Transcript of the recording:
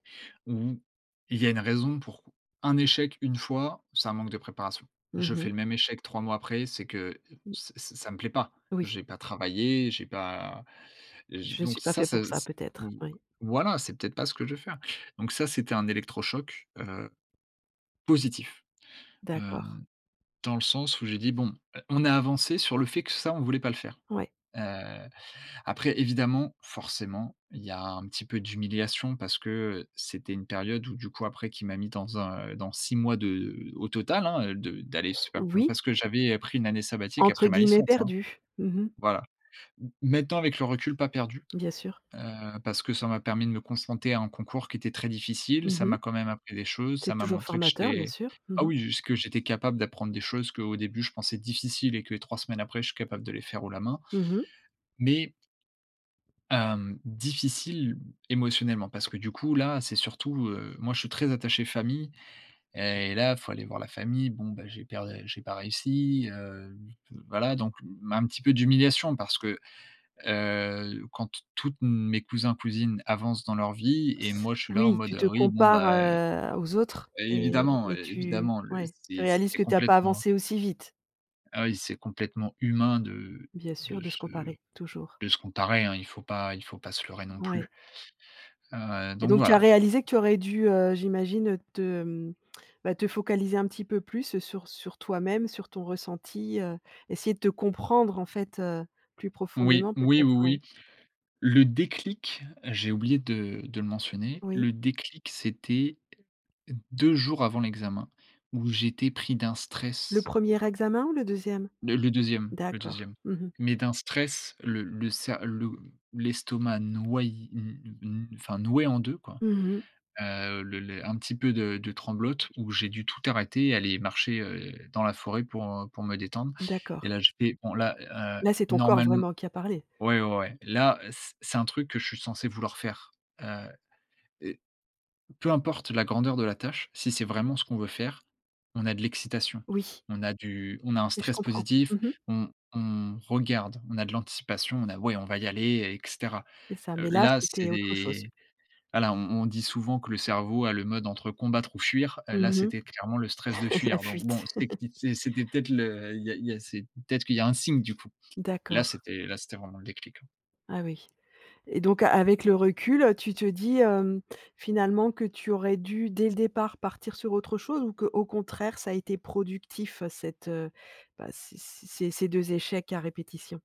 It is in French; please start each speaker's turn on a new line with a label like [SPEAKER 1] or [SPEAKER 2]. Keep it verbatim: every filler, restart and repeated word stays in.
[SPEAKER 1] Mmh mh. Il y a une raison pour un échec une fois, c'est un manque de préparation. Je
[SPEAKER 2] Mmh
[SPEAKER 1] fais
[SPEAKER 2] mh.
[SPEAKER 1] le même échec trois mois après, c'est que
[SPEAKER 2] Mmh.
[SPEAKER 1] ç ç ça me plaît pas.
[SPEAKER 2] Oui.
[SPEAKER 1] J'ai pas travaillé, j'ai pas je
[SPEAKER 2] «Je
[SPEAKER 1] donc
[SPEAKER 2] suis pas
[SPEAKER 1] ça
[SPEAKER 2] fait pour
[SPEAKER 1] c'est
[SPEAKER 2] ça,
[SPEAKER 1] c v
[SPEAKER 2] peut-être». Oui.
[SPEAKER 1] voilà, c'est peut-être pas ce que je veux faire. Donc ça, c'était un électrochoc, heu, positif,
[SPEAKER 2] D'accord.
[SPEAKER 1] hem, dans le sens où j'ai dit: «Bon, heu, on a avancé sur le fait que ça, on voulait pas le faire».
[SPEAKER 2] Ouais.
[SPEAKER 1] Heu, après évidemment, forcément, il y a un petit peu d'humiliation parce que, heu, c'était une période où du coup, après qui m'a mis dans un, heu, dans six mois de heu, au total, hein, heu, de d'aller se faire bon,
[SPEAKER 2] Oui.
[SPEAKER 1] parce que j'avais, heu, pris une année sabbatique
[SPEAKER 2] Entre
[SPEAKER 1] après ma
[SPEAKER 2] guillemets
[SPEAKER 1] licence, hein.
[SPEAKER 2] «perdus». Mmh mh.
[SPEAKER 1] Voilà, m maintenant avec le recul, pas «perdus»,
[SPEAKER 2] Bien sûr.
[SPEAKER 1] heu, parce que ça m'a permis de me concenter à un concours qui était très difficile.
[SPEAKER 2] Mmh
[SPEAKER 1] Ça
[SPEAKER 2] mh.
[SPEAKER 1] m'a quand même appris des choses, ça
[SPEAKER 2] C'est
[SPEAKER 1] m'a
[SPEAKER 2] toujours
[SPEAKER 1] montré que
[SPEAKER 2] formateur, bien
[SPEAKER 1] j'étais
[SPEAKER 2] sûr. Mmh
[SPEAKER 1] ah
[SPEAKER 2] mh.
[SPEAKER 1] oui, jusque j'étais capable d'apprendre des choses qu'au début je pensais difficiles et que trois semaines après je suis capable de les faire haut la main
[SPEAKER 2] Mmh mh.
[SPEAKER 1] mais hem difficile émotionnellement, parce que du coup, là, c'est surtout heu, moi, je suis très attaché famille et là, il faut aller voir la famille. Bon bah, j'ai perd j'ai pas réussi, heu, voilà. Donc, mmh, un petit peu d'humiliation parce que, heu, quand t tous mes cousins, cousines avancent dans leur vie et moi je suis là en
[SPEAKER 2] Oui,
[SPEAKER 1] mode,
[SPEAKER 2] tu
[SPEAKER 1] heu,
[SPEAKER 2] te
[SPEAKER 1] oui, bon
[SPEAKER 2] compares,
[SPEAKER 1] bah, heu
[SPEAKER 2] heu, aux autres et
[SPEAKER 1] Évidemment,
[SPEAKER 2] et tu
[SPEAKER 1] évidemment le
[SPEAKER 2] ouais, tu
[SPEAKER 1] c'est
[SPEAKER 2] réalises
[SPEAKER 1] c'est
[SPEAKER 2] que tu as pas
[SPEAKER 1] complètement
[SPEAKER 2] avancé aussi vite.
[SPEAKER 1] ah oui, c'est complètement humain de
[SPEAKER 2] Bien
[SPEAKER 1] de
[SPEAKER 2] sûr, de se
[SPEAKER 1] se
[SPEAKER 2] comparer. Toujours.
[SPEAKER 1] de se comparer, hein, il faut pas il faut pas se leurrer non
[SPEAKER 2] Ouais.
[SPEAKER 1] plus. Heu,
[SPEAKER 2] Et
[SPEAKER 1] donc
[SPEAKER 2] donc, tu as
[SPEAKER 1] voilà.
[SPEAKER 2] réalisé que tu aurais dû, heu, j'imagine te, hem, bah, te focaliser un petit peu plus sur sur toi-même, sur ton ressenti, heu, essayer de te comprendre, en fait, heu, plus
[SPEAKER 1] Oui.
[SPEAKER 2] profondément,
[SPEAKER 1] Oui, oui,
[SPEAKER 2] peut-être, ouais.
[SPEAKER 1] oui. Le déclic, j'ai oublié de de le mentionner.
[SPEAKER 2] Oui.
[SPEAKER 1] Le déclic, c'était deux jours avant l'examen où j'étais pris d'un
[SPEAKER 2] Le
[SPEAKER 1] stress.
[SPEAKER 2] premier examen ou le deuxième?
[SPEAKER 1] Le le deuxième, le
[SPEAKER 2] D'accord.
[SPEAKER 1] deuxième.
[SPEAKER 2] Mmh mh.
[SPEAKER 1] Mais d'un stress, le le sa le l'estomac noyé n n enfin, noué en deux quoi.
[SPEAKER 2] Mmh mh.
[SPEAKER 1] Heu, le le un petit peu de de tremblote où j'ai dû tout arrêter, aller marcher, heu, dans la forêt pour, heu, pour me détendre. Et
[SPEAKER 2] D'accord.
[SPEAKER 1] là, je fais: «Bon là, heu,
[SPEAKER 2] Là c'est ton corps,
[SPEAKER 1] normalem»
[SPEAKER 2] vraiment, qui a parlé.
[SPEAKER 1] Ouais, ouais, ouais, là, c c'est un truc que je suis censé vouloir faire. Heu, et peu importe la grandeur de la tâche, si c'est vraiment ce qu'on veut faire, on a de l'excitation,
[SPEAKER 2] Oui.
[SPEAKER 1] on a du on a un
[SPEAKER 2] Oui, je
[SPEAKER 1] stress
[SPEAKER 2] comprends.
[SPEAKER 1] positif,
[SPEAKER 2] Mmh mh.
[SPEAKER 1] on on regarde, on a de l'anticipation, on a ouais, on va y aller, et cetera.
[SPEAKER 2] C'est ça,
[SPEAKER 1] Heu,
[SPEAKER 2] mais là,
[SPEAKER 1] là,
[SPEAKER 2] c'était autre chose.
[SPEAKER 1] c'est, voilà on on dit souvent que le cerveau a le mode entre combattre ou fuir.
[SPEAKER 2] Mmh,
[SPEAKER 1] Là,
[SPEAKER 2] mmh, mmh.
[SPEAKER 1] c'était clairement le stress de
[SPEAKER 2] La
[SPEAKER 1] fuir. Donc bon
[SPEAKER 2] fuite.
[SPEAKER 1] techni c c'était peut-être le il y a il y a c'est peut-être qu'il y a un signe, du coup. Là,
[SPEAKER 2] D'accord.
[SPEAKER 1] c'était là, c'était vraiment le déclic.
[SPEAKER 2] Ah oui. Et donc, avec le recul, tu te dis, hem, finalement, que tu aurais dû dès le départ partir sur autre chose ou qu'au contraire ça a été productif cette, heu, bah, ces ces ces ces deux échecs à répétition?